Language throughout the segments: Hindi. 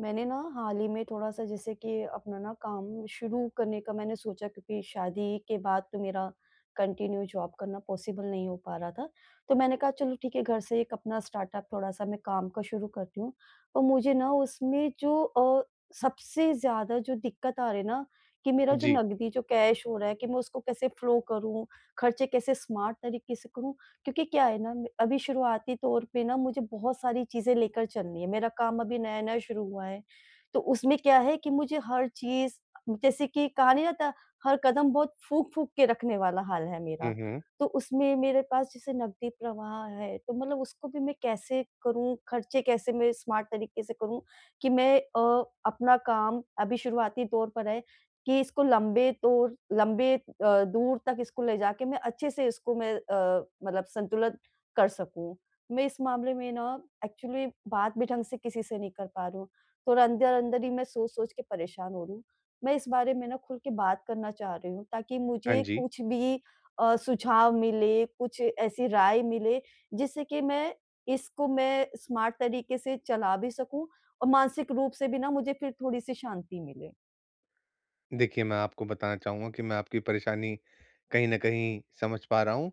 मैंने ना, हाल ही में थोड़ा-सा जैसे कि अपना ना काम शुरू करने का मैंने सोचा क्योंकि शादी के बाद तो मेरा कंटिन्यू जॉब करना पॉसिबल नहीं हो पा रहा था। तो मैंने कहा चलो ठीक है घर से एक अपना स्टार्टअप थोड़ा-सा मैं काम का शुरू करती हूँ। तो मुझे ना उसमें जो अ, सबसे ज़्यादा जो दिक्कत आ रही है ना कि मेरा जो जी। नकदी जो कैश हो रहा है कि मैं उसको कैसे फ्लो करूँ, खर्चे कैसे स्मार्ट तरीके से करूँ। क्योंकि क्या है ना अभी शुरुआती तौर पे ना मुझे बहुत सारी चीज़ें लेकर चलनी हैं, मेरा काम अभी नया-नया शुरू हुआ है। तो उसमें क्या है कि मुझे हर चीज़ जैसे कि कहा नहीं जाता हर कदम बहुत फूँक-फूँक के रखने वाला हाल है हुँ, मेरा। हुँ। तो उसमें मेरे पास जैसे नकदी प्रवाह है, तो मतलब उसको भी मैं कैसे करूँ? खर्चे कैसे मैं स्मार्ट तरीके से करूँ? कि मैं अ, अपना काम अभी शुरुआती दौर पर है कि इसको लम्बे दौर लंबे अ, दूर तक इसको ले जाके मैं अच्छे-से इसको मैं अ, मतलब संतुलन कर सकूँ। मैं इस मामले में ना एक्चुअली बात भी ढंग से किसी से नहीं कर पा रही हूँ। थोड़ा अंदर-अंदर ही मैं सोच-सोच के परेशान हो रही हूँ। मैं इस बारे में ना खुल के बात करना चाह रही हूँ ताकि हाँ मुझे जी। कुछ भी अ, सुझाव मिले, कुछ ऐसी राय मिले जिससे कि मैं, इसको मैं स्मार्ट तरीके से चला भी सकूँ और मानसिक रूप से भी ना मुझे फिर थोड़ी-सी शांति मिले। देखिए मैं आपको बताना चाहूँगा कि मैं आपकी परेशानी कहीं न कहीं समझ पा रहा हूँ।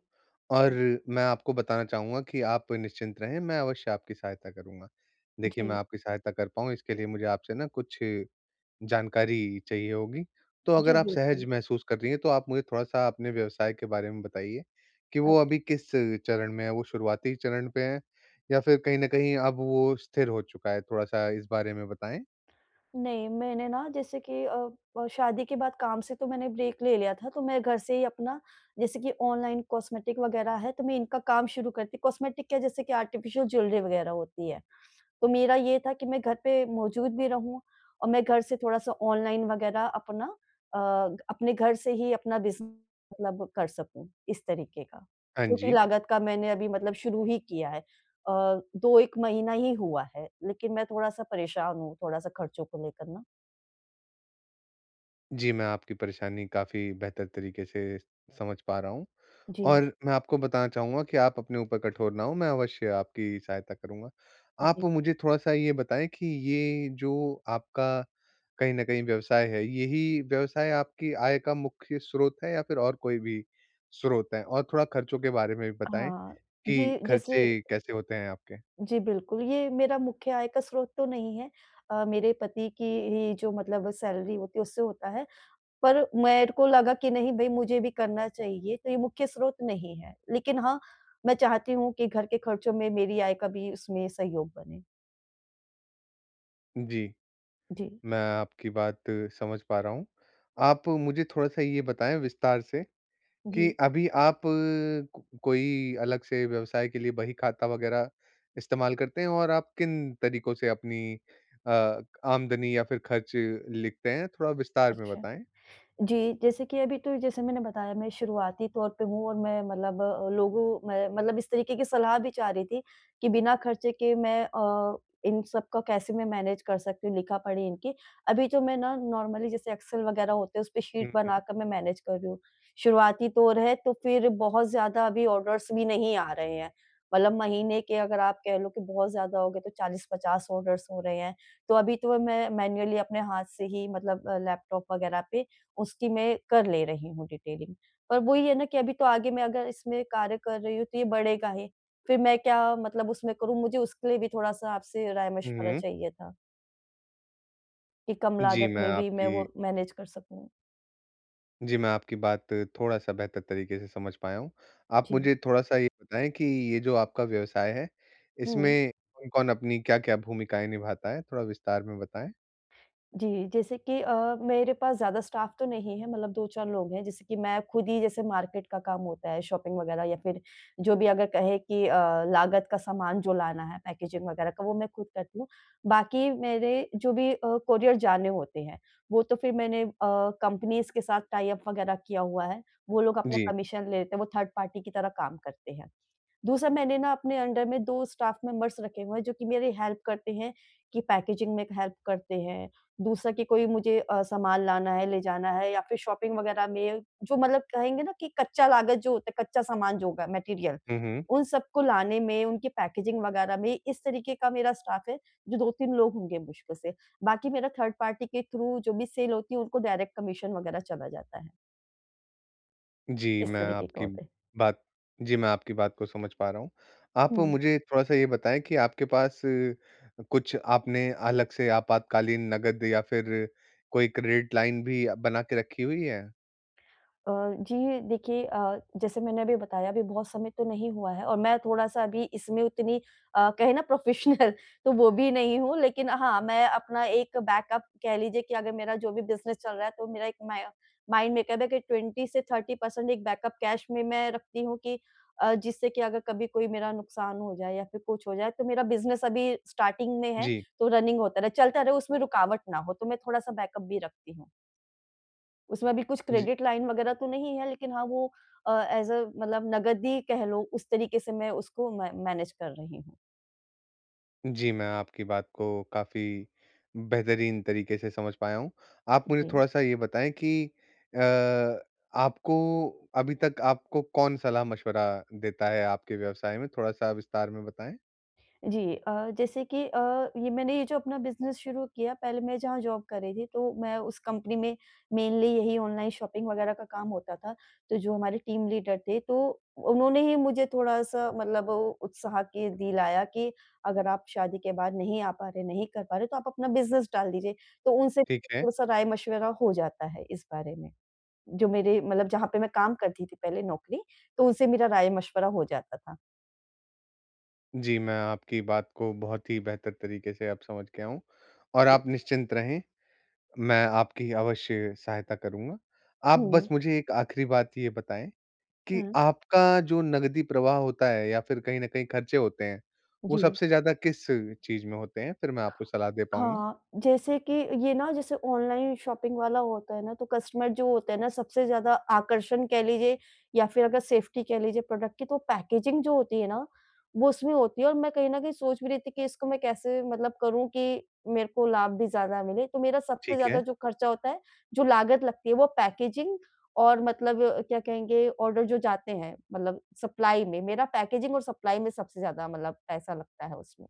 और जी। मैं आपको बताना चाहूँगा कि आप निश्चिंत रहें मैं अवश्य आपकी सहायता करूँगा। देखिए मैं जी। आपकी सहायता कर पाऊँ इसके लिए मुझे आपसे ना कुछ जानकारी चाहिए होगी। तो जी अगर आप सहज बिल्कुल। महसूस कर रही हैं तो आप मुझे थोड़ा-सा अपने व्यवसाय के बारे में बताइए, कि अच्छा। वो अभी किस चरण में है? वो शुरुआती चरण पर है या फिर कहीं न कहीं अब वो स्थिर हो चुका है? थोड़ा-सा इस बारे में बताएँ। नहीं मैंने ना जैसे कि अ, शादी के बाद काम से तो मैंने ब्रेक ले लिया था। तो मैं घर से ही अपना जैसे कि ऑनलाइन कॉस्मेटिक वग़ैरह है तो मैं इनका काम शुरू करती हूँ। कॉस्मेटिक क्या जैसे कि आर्टिफ़िशियल ज्वेलरी वग़ैरह होती है। तो मेरा ये था कि मैं घर पे मौजूद भी रहूँ और मैं घर से थोड़ा सा ऑनलाइन वग़ैरह अपना अ, अपने घर से ही अपना बिज़ मतलब कर सकूँ इस तरीके का। हाँ छोटी जी। लागत का मैंने अभी मतलब शुरू ही किया है। अ, 2-1 महीना ही हुआ है। लेकिन मैं थोड़ा सा परेशान हूँ, थोड़ा सा खर्चों को लेकर ना। जी मैं आपकी परेशानी काफ़ी बेहतर तरीके से समझ पा रहा हूँ जी। और मैं आपको बताना चाहूँगा कि आप अपने ऊपर कठोर ना हों, मैं अवश्य आपकी सहायता करूँगा। आप जी। मुझे थोड़ा-सा ये बताएँ कि ये जो आपका कहीं न कहीं व्यवसाय है यही व्यवसाय आपकी आय का मुख्य स्रोत है या फिर और कोई भी स्रोत है? और थोड़ा खर्चों के बारे में भी बताएँ हाँ। कि ये जैसे खर्चे कैसे होते हैं आपके? जी बिल्कुल। ये मेरा मुख्य आय का स्रोत तो नहीं है। अ, मेरे पति की ही जो मतलब सैलरी होती है उससे होता है। पर मेरे को लगा कि नहीं भई मुझे भी करना चाहिए, तो ये मुख्य स्रोत नहीं है। लेकिन हाँ मैं चाहती हूँ कि घर के खर्चों में मेरी आय का भी उसमें सहयोग बने। जी। जी। मैं आपकी बात समझ पा रहा हूँ। आप मुझे थोड़ा-सा ये बताएँ विस्तार से, कि जी। अभी आप कोई अलग से व्यवसाय के लिए बही खाता वग़ैरह इस्तेमाल करते हैं और आप किन तरीकों से अपनी अ, आमदनी या फिर ख़र्च लिखते हैं? थोड़ा विस्तार में अच्छा। बताएँ। जी, जैसे कि अभी तो जैसे मैंने बताया मैं शुरुआती तौर पे हूँ और मैं मतलब लोगों में मतलब इस तरीके की सलाह भी चाह रही थी, कि बिना ख़र्चे के मैं अ, इन सब का कैसे मैं मैनेज़ कर सकती हूँ लिखा पढ़ी इनकी? अभी तो मैं ना, नॉर्मली जैसे एक्सेल वग़ैरह होते हैं उसपे शीट हुँ, बना हुँ। कर मैं मैनेज़ कर रही हूँ। शुरुआती तौर है तो फिर बहुत ज़्यादा अभी ऑर्डर्स भी नहीं आ रहे हैं। मतलब महीने के अगर आप कह लो कि, बहुत ज़्यादा हो गए तो 40-50 ऑर्डर्स हो रहे हैं। तो अभी तो मैं मैनुअली अपने हाथ से ही मतलब अ, लैपटॉप वग़ैरह पे उसकी मैं कर ले रही हूँ डिटेलिंग। पर वो ही है ना कि अभी तो आगे मैं अगर इसमें कार्य कर रही हूँ, तो ये बढ़ेगा ही। फिर मैं क्या मतलब उसमें करूँ, मुझे उसके लिए भी थोड़ा-सा आपसे हुँ, राय-मशवरा हुँ। चाहिए था कि कम जी लागत मैं में भी, मैं आपकी वो मैनेज़ कर सकूँ। जी मैं आपकी बात थोड़ा-सा बेहतर तरीके से समझ पाया हूँ। आप जी। मुझे थोड़ा-सा ये बताएँ कि ये जो आपका व्यवसाय है, हुँ। इसमें कौन-कौन अपनी क्या-क्या भूमिकाएँ निभाता है? थोड़ा विस्तार में बताएँ। जी। जैसे कि अ, मेरे पास ज़्यादा स्टाफ़ तो नहीं है मतलब 2-4 लोग हैं। जैसे कि मैं खुद ही जैसे मार्केट का काम होता है, शॉपिंग वग़ैरह या फिर, जो भी अगर कहे कि अ, लागत का सामान जो लाना है, पैकेज़िग वग़ैरह का वो मैं खुद करती हूँ। बाकी मेरे जो भी अ, कोरियर जाने होते हैं, वो तो फिर मैंने अ, कम्पनीज़ के साथ टाइ-अप वग़ैरह किया हुआ है। वो लोग अपना जी। कमीशन ले लेते हैं। वो थर्ड पार्टी की तरह काम करते हैं। दूसरा मैंने ना अपने अंडर में 2 स्टाफ़ मेंबर्स रखे हुए हैं जो कि मेरी हेल्प करते हैं कि पैकेज़िग में हेल्प करते हैं। दूसरा कि कोई मुझे अ, सामान लाना है, ले जाना है या फिर शॉपिंग वग़ैरह में जो मतलब कहेंगे ना कि कच्चा लागत जो होता है, कच्चा सामान जो होगा मटेरियल, हुँ, हुँ। उन सबको लाने में, उनकी पैकेज़िग वग़ैरह में इस तरीके का मेरा स्टाफ़ है जो 2-3 लोग होंगे मुश्किल से। बाकी मेरा थर्ड पार्टी के थ्रू जो भी सेल होती है उनको डायरेक्ट कमीशन वग़ैरह चला जाता है। जी, इस मैं तरीके का आपकी होता है। बात जी, मैं आपकी बात को समझ पा रहा हूँ। आप हुँ। मुझे थोड़ा-सा ये बताएँ कि आपके पास, कुछ आपने अलग से आपातकालीन नगद या फिर कोई क्रेडिट लाइन भी बना के रखी हुई है? अ, जी देखिए अ, जैसे मैंने अभी बताया अभी बहुत समय तो नहीं हुआ है और मैं थोड़ा-सा अभी इसमें उतनी अ, कहे ना प्रोफेशनल तो वो भी नहीं हूँ। लेकिन हाँ, मैं अपना एक बैकअप कह लीजिए कि अगर मेरा जो भी बिजनेस चल रहा है तो मेरा एक माय माइंड में एक है कि 20 से 30 पर्सेंट एक बैकअप कैश में मैं रखती हूँ कि अ, जिससे कि अगर कभी कोई मेरा नुकसान हो जाए या फिर कुछ हो जाए तो मेरा बिजनेस अभी स्टार्टिंग में है, जी। तो रनिंग होता रहे। चलता रहे उसमें रुकावट ना हो, तो मैं थोड़ा-सा बैकअप भी रखती हूँ। उसमें अभी कुछ जी। क्रेडिट लाइन वगैरह तो नहीं है, लेकिन हाँ, वो अ, एज़ अ मतलब नगद ही कह लो उस तरीके से मैं उसको मै मैनेज कर रही हूँ। जी, मैं आपकी बात को काफ़ी बेहतरीन तरीके से समझ पाया हूँ। आप मुझे जी। थोड़ा-सा ये बताएँ कि अ, आपको अभी तक आपको कौन सलाह-मशविरा देता है आपके व्यवसाय में? थोड़ा-सा विस्तार में बताएँ। जी। अ, जैसे कि अ, ये मैंने ये जो अपना बिज़नेस शुरू किया पहले मैं जहाँ जॉब कर रही थी, तो मैं उस कंपनी में मेनली यही ऑनलाइन शॉपिंग वग़ैरह का काम होता था। तो जो हमारे टीम लीडर थे तो उन्होंने ही मुझे थोड़ा-सा मतलब ओ उत्साह के दिलाया कि अगर आप शादी के बाद नहीं आ पा रहे, नहीं कर पा रहे तो आप अपना बिज़नेस डाल दीजिए। तो उनसे ठीक है। थोड़ा-सा राय-मशवरा हो जाता है इस बारे में, जो मेरे मतलब जहाँ पे मैं काम करती थी पहले नौकरी तो उनसे मेरा राय-मशवरा हो जाता था। जी। मैं आपकी बात को बहुत ही बेहतर तरीके से अब समझ गया हूँ और हुँ। आप निश्चिंत रहें, मैं आपकी अवश्य सहायता करूँगा। आप बस हुँ। मुझे एक आखिरी बात ये बताएँ कि हुँ। आपका जो नकदी प्रवाह होता है? या फिर कहीं न कहीं खर्चे होते हैं वो जी। सबसे ज़्यादा किस चीज़ में होते हैं? फिर मैं आपको सलाह दे पाऊँगा। हाँ। जैसे कि ये ना जैसे ऑनलाइन शॉपिंग वाला होता हैं ना तो कस्टमर जो होते हैं ना सबसे ज़्यादा आकर्षण कह लीजिए या फिर अगर सेफ़्टी कह लीजिए प्रोडक्ट की तो पैकेजिंग जो होती है ना वो उसमें होती है और मैं कहीं न कहीं सोच भी रही थी कि इसको मैं कैसे मतलब करूँ कि, मेरे को लाभ भी ज़्यादा मिले तो मेरा सबसे ठीक ज़्यादा है। जो खर्चा होता है, जो लागत लगती है वो पैकेजिंग और मतलब अ, क्या कहेंगे? ऑर्डर जो जाते हैं मतलब सप्लाई में मेरा पैकेजिंग और सप्लाई में सबसे ज़्यादा मतलब पैसा लगता है उसमें।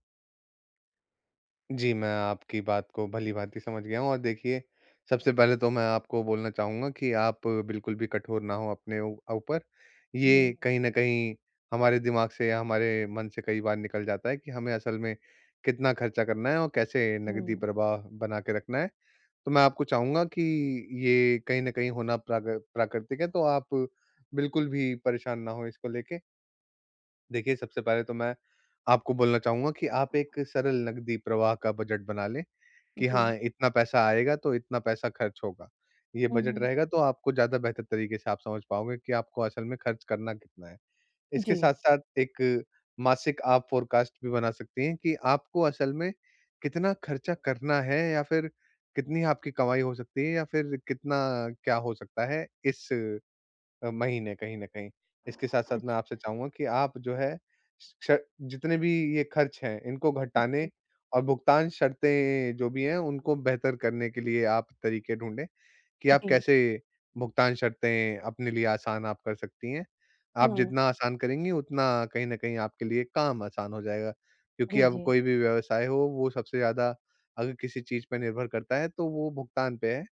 जी मैं आपकी बात को भलीभाँति समझ गया हूँ और देखिए सबसे पहले तो मैं आपको बोलना चाहूँगा कि, आप बिल्कुल भी कठोर ना हों अपने ऊ ऊपर। ये जी। कहीं न कहीं हमारे दिमाग से या हमारे मन से कई बार निकल जाता है कि, हमें असल में कितना खर्चा करना है और कैसे नकदी हुँ। प्रवाह बना के रखना है? तो मैं आपको चाहूँगा कि, ये कहीं न कहीं होना प्राकृ प्राकृतिक है, तो आप बिल्कुल भी परेशान ना हों, इसको लेके। देखिए सबसे पहले तो मैं, आपको बोलना चाहूँगा कि आप एक सरल नकदी प्रवाह का बजट बना लें कि, हाँ जी। इतना पैसा आएगा तो इतना पैसा खर्च होगा। ये हुँ, बजट हुँ। रहेगा तो आपको ज़्यादा बेहतर तरीके से आप समझ पाओगे कि आपको असल में खर्च करना कितना है। इसके जी। साथ-साथ एक मासिक आप फोरकास्ट भी बना सकती हैं, कि आपको असल में कितना खर्चा करना है या फिर कितनी आपकी कमाई हो सकती है या फिर कितना क्या हो सकता है इस अ, महीने कहीं न कहीं। इसके साथ-साथ मैं अच्छ आपसे चाहूँगा कि आप जो है, श जितने भी ये खर्च हैं इनको घटाने [unintelligible] और भुगतान शर्तें जो भी हैं, उनको बेहतर करने के लिए आप तरीके ढूँढें, कि आप जी। कैसे भुगतान शर्तें अपने लिए आसान आप कर सकती हैं। आप हाँ। जितना आसान करेंगी उतना कहीं न कहीं आपके लिए काम आसान हो जाएगा। क्योंकि जी, अब जी। कोई भी व्यवसाय हो, वो सबसे ज़्यादा अगर किसी चीज़ पे निर्भर करता है तो वो भुगतान पे है,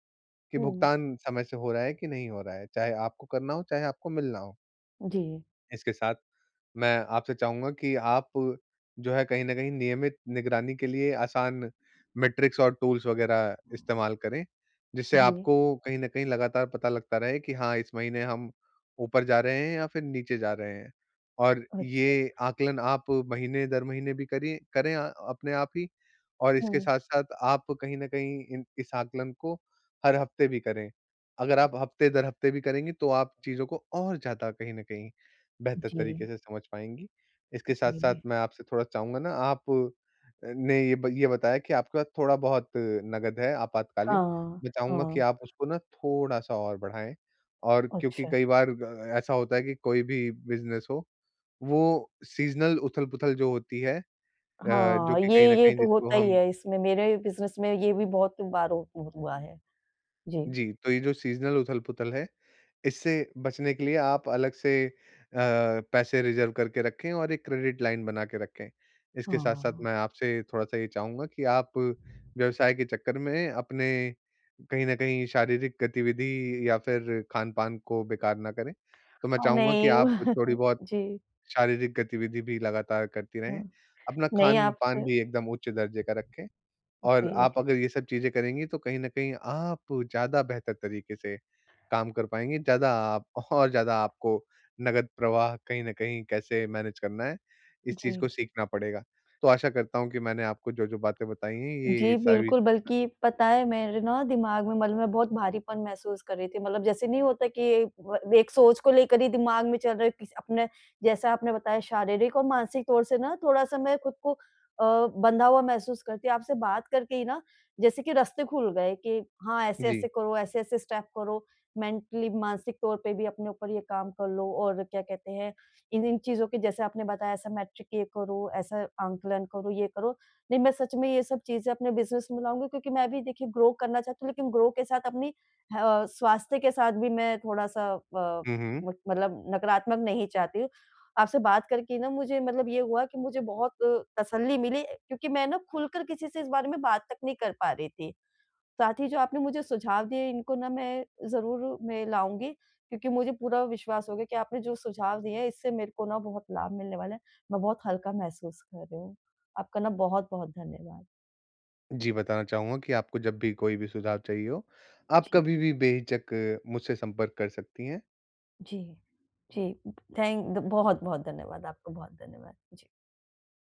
कि हुँ। भुगतान समय से हो रहा है कि नहीं हो रहा है। चाहे आपको करना हो, चाहे आपको मिलना हो। जी। इसके साथ, मैं आपसे चाहूँगा कि आप जो है कहीं न कहीं नियमित निगरानी के लिए आसान मैट्रिक्स और टूल्स वग़ैरह इस्तेमाल करें, जिससे जी। आपको कहीं न कहीं लगातार पता लगता रहे कि हाँ, इस महीने हम ऊपर जा रहे हैं या फिर नीचे जा रहे हैं। और अच्छा। ये आकलन आप महीने-दर-महीने भी करिए करें अ अपने आप ही, और इसके हुँ। साथ-साथ आप कहीं न कहीं इन इस आकलन को हर हफ्ते भी करें। अगर आप हफ्ते-दर-हफ्ते भी करेंगी, तो आप चीज़ों को और ज़्यादा कहीं न कहीं बेहतर तरीके जी। से समझ पाएँगी। इसके साथ-साथ जी। मैं आपसे थोड़ा चाहूँगा ना आप अ, ने ये ब ये बताया कि आपके पास थोड़ा-बहुत नगद है आपातकालीन, हाँ। मैं चाहूँगा कि हाँ। आप उसको ना थोड़ा-सा और बढाएँ। और क्योंकि अच्छा। कई बार ग अ, ऐसा होता है कि कोई भी बिज़नेस हो, वो सीज़नल उथल-पुथल जो होती है अ, जो हाँ, कि ये कहीं न ये कहीं तो जिसको होता ही हम है इसमें। मेरे अ, बिज़नेस में ये भी बहुत बार हु हुआ है। जी। जी, तो ये जो सीज़नल उथल-पुथल है, इससे बचने के लिए आप अलग से अ, पैसे रिज़र्व करके रखें और एक क्रेडिट लाइन बना के रखें। इसके साथ-साथ हाँ। मैं आपसे थोड़ा-सा ये चाहूँगा कि आप व्यवसाय के चक्कर में अपने कहीं न कहीं शारीरिक गतिविधि या फिर खान-पान को बेकार ना करें। तो मैं अ, चाहूँगा कि, नहीं। आप थोड़ी-बहुत जी। शारीरिक गतिविधि भी लगातार करती रहें, हुँ। अपना नहीं, खान-पान आपसे भी एकदम उच्च दर्जे का रखें। और जी। आप अगर ये सब चीज़ें करेंगी, तो कहीं न कहीं आप ज़्यादा बेहतर तरीके से काम कर पाएँगी, ज़्यादा आप और ज़्यादा आपको नगद प्रवाह कहीं न कहीं कैसे मैनेज करना है, इस चीज़ को जी। सीखना पड़ेगा। तो आशा करता हूँ कि मैंने आपको जो-जो बातें बताई हैं, ये-ये जी सारी बिल्कुल, बल्कि पता है, मेरे ना दिमाग में मतलब मैं बहुत भारीपन महसूस कर रही थी। मतलब जैसे नहीं होता कि एक ब एक सोच को लेकर ही दिमाग में चल रहा है किस अपना जैसा आपने बताया शारीरिक और मानसिक तौर से ना थोड़ा-सा मैं खुद को अ, बँधा हुआ महसूस करती। आपसे बात करके ही ना, जैसे कि रास्ते खुल गए कि हाँ, जी। ऐसे-ऐसे करो, ऐसे-ऐसे स्टेप करो, मेंटली मानसिक तौर पे भी अपने ऊपर ये काम कर लो। और क्या कहते हैं, इन-इन चीज़ों के, जैसे आपने बताया, ऐसा मैट्रिक ये करो, ऐसा आकलन करो, ये करो। नहीं, मैं सच में ये सब चीज़ें अपने बिज़नेस में लाऊँगी, क्योंकि मैं भी देखिए ग्रो करना चाहती हूँ, लेकिन ग्रो के साथ अपनी ह अ, स्वास्थ्य के साथ भी मैं थोड़ा-सा अ, हुँ, हुँ। मत मतलब नकारात्मक नहीं चाहती हूँ। आपसे बात करके ना मुझे मतलब ये हुआ कि मुझे बहुत तसल्ली मिली अ, क्योंकि मैं ना खुलकर किसी से इस बारे में बात तक नहीं कर पा रही थी। साथ ही जो आपने मुझे सुझाव दिए, इनको ना मैं ज़रूर में लाऊँगी क्योंकि मुझे पूरा विश्वास हो गया कि आपने जो सुझाव दिए हैं, इससे मेरे को ना बहुत लाभ मिलने वाला है। मैं बहुत हल्का महसूस कर रही हूँ। आपका ना बहुत-बहुत धन्यवाद। जी, बताना चाहूँगा कि आपको जब भी कोई भी सुझाव चाहिए हो, आप जी। कभी भी बेहिचक मुझसे संपर्क कर सकती हैं। जी, जी। उ थैंक द बहुत-बहुत धन्यवाद आपको, बहुत धन्यवाद। जी।